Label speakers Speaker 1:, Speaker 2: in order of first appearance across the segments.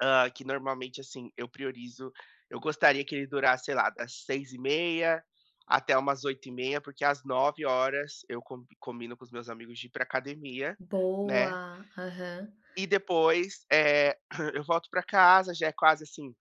Speaker 1: Ah, que normalmente, assim, eu priorizo eu gostaria que ele durasse sei lá, das 6h30 até umas 8h30 porque às 9h horas eu combi combino com os meus amigos de ir pra academia, né.
Speaker 2: Boa! Aham.
Speaker 1: E depois, eh, eu volto pra casa, já é quase assim,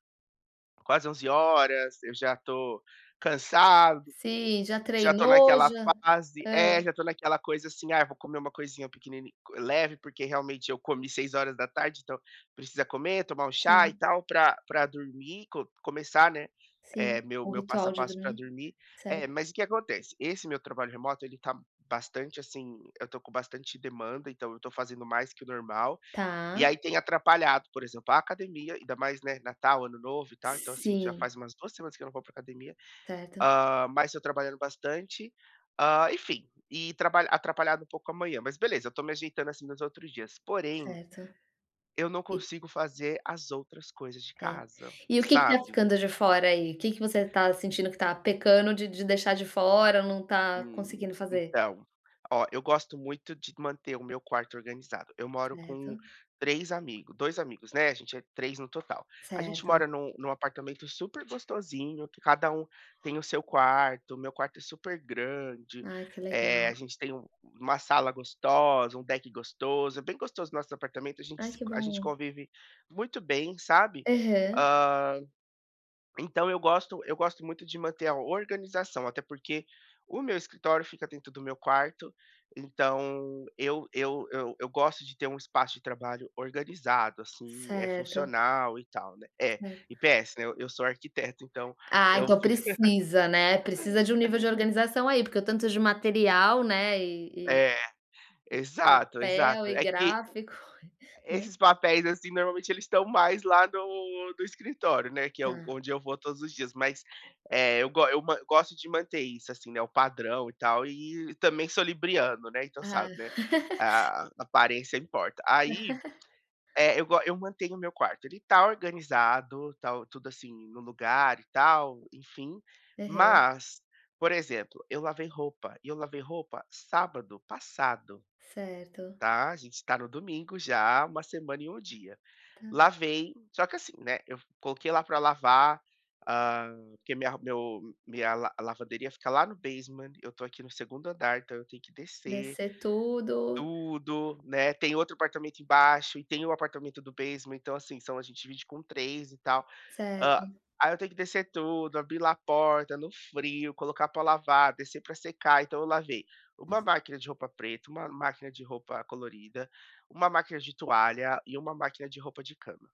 Speaker 1: quase 11 horas, eu já tô cansado,
Speaker 2: Sim, já
Speaker 1: já tô
Speaker 2: treinou,
Speaker 1: naquela
Speaker 2: já
Speaker 1: fase.
Speaker 2: É.
Speaker 1: É, já tô naquela coisa assim "Ai vou comer uma coisinha, pequeni leve". Porque realmente, eu comi 6 horas da tarde, então, precisa comer, tomar um chá e
Speaker 2: Sim.
Speaker 1: tal, pra pra dormir, co começar, né,
Speaker 2: Sim,
Speaker 1: eh, meu
Speaker 2: o
Speaker 1: meu passo
Speaker 2: ritual
Speaker 1: a
Speaker 2: de
Speaker 1: passo pra
Speaker 2: dormir,
Speaker 1: dormir.
Speaker 2: certo.
Speaker 1: Eh, mas o que acontece? Esse meu trabalho remoto, ele tá bastante, assim, eu tô com bastante demanda, então, eu tô fazendo mais que o normal. E
Speaker 2: Tá.
Speaker 1: aí, tem atrapalhado, por exemplo, a academia, ainda mais, né, Natal, Ano Novo e tal. Então assim, já
Speaker 2: Sim.
Speaker 1: faz umas 2 semanas que eu não vou pra academia,
Speaker 2: Certo.
Speaker 1: ah, mas eu trabalhando bastante, ah, enfim, e trabalha atrapalhado um pouco a manhã, mas beleza, tô me ajeitando, assim, nos outros dias, porém,
Speaker 2: Certo,
Speaker 1: eu não
Speaker 2: e
Speaker 1: consigo fazer as outras coisas de
Speaker 2: É,
Speaker 1: casa,
Speaker 2: e o que que tá
Speaker 1: sabe.
Speaker 2: ficando de fora, aí? O que que você tá sentindo que tá pecando de de deixar de fora ou não tá
Speaker 1: Hum,
Speaker 2: conseguindo fazer?
Speaker 1: então, ó, eu gosto muito de manter o meu quarto organizado. Eu moro com
Speaker 2: Certo.
Speaker 1: 3 amigos, 2 amigos, né, a gente é 3 no total. A gente
Speaker 2: Certo.
Speaker 1: mora num num apartamento super gostosinho, que cada um tem o seu quarto, meu quarto é super grande,
Speaker 2: Ai, que
Speaker 1: eh, a
Speaker 2: legal.
Speaker 1: gente tem um uma sala gostosa, um deck gostoso. É bem gostoso nosso apartamento, a gente
Speaker 2: Ai,
Speaker 1: se
Speaker 2: que
Speaker 1: co a gente
Speaker 2: bom.
Speaker 1: convive muito bem, sabe,
Speaker 2: Aham.
Speaker 1: ah, então eu gosto eu gosto muito de manter a organização, até porque o meu escritório fica dentro do meu quarto, então eu eu eu eu gosto de ter um espaço de trabalho organizado, assim, eh,
Speaker 2: Certo.
Speaker 1: funcional e tal, né. É,
Speaker 2: Cer
Speaker 1: e PS, né, eu sou arquiteto, então
Speaker 2: Ah,
Speaker 1: eu
Speaker 2: então
Speaker 1: fico
Speaker 2: precisa né, precisa de um nível de organização aí, porque o tanto de material, né, eh, eh
Speaker 1: É,
Speaker 2: e
Speaker 1: exato,
Speaker 2: papel
Speaker 1: exato.
Speaker 2: e
Speaker 1: É que
Speaker 2: gráfico, né.
Speaker 1: esses papéis assim, normalmente eles estão mais lá no no escritório, né. Que é o
Speaker 2: Tá.
Speaker 1: onde eu vou todos os dias, mas, eh, eu go eu ma eu gosto de manter isso, assim, né, o padrão e tal e também sou libriano, né, então
Speaker 2: Ah.
Speaker 1: sabe, né, a aparência importa. Aí, eh, eu go eu mantenho o meu quarto, ele tá organizado, tá o tudo assim, no lugar e tal, enfim,
Speaker 2: Aham.
Speaker 1: mas, por exemplo, eu lavei roupa e eu lavei roupa sábado passado,
Speaker 2: Certo.
Speaker 1: tá, a gente tá no domingo já, uma semana e um dia.
Speaker 2: Tá.
Speaker 1: Lavei, só que assim, né, eu vo coloquei lá pra lavar, ah, porque minha ro meu minha la lavanderia fica lá no basement, eu tô aqui no segundo andar, então, eu tenho que descer
Speaker 2: Descer tudo.
Speaker 1: tudo, né. Tem outro apartamento embaixo e tem o apartamento do basement, então assim, são a gente divide com 3 e tal. Ah,
Speaker 2: Certo.
Speaker 1: aí eu tenho que descer tudo, abrir lá a porta no frio, colocar pra lavar, descer pra secar. Então eu lavei uma máquina de roupa preta, uma máquina de roupa colorida, uma máquina de toalha e uma máquina de roupa de cama.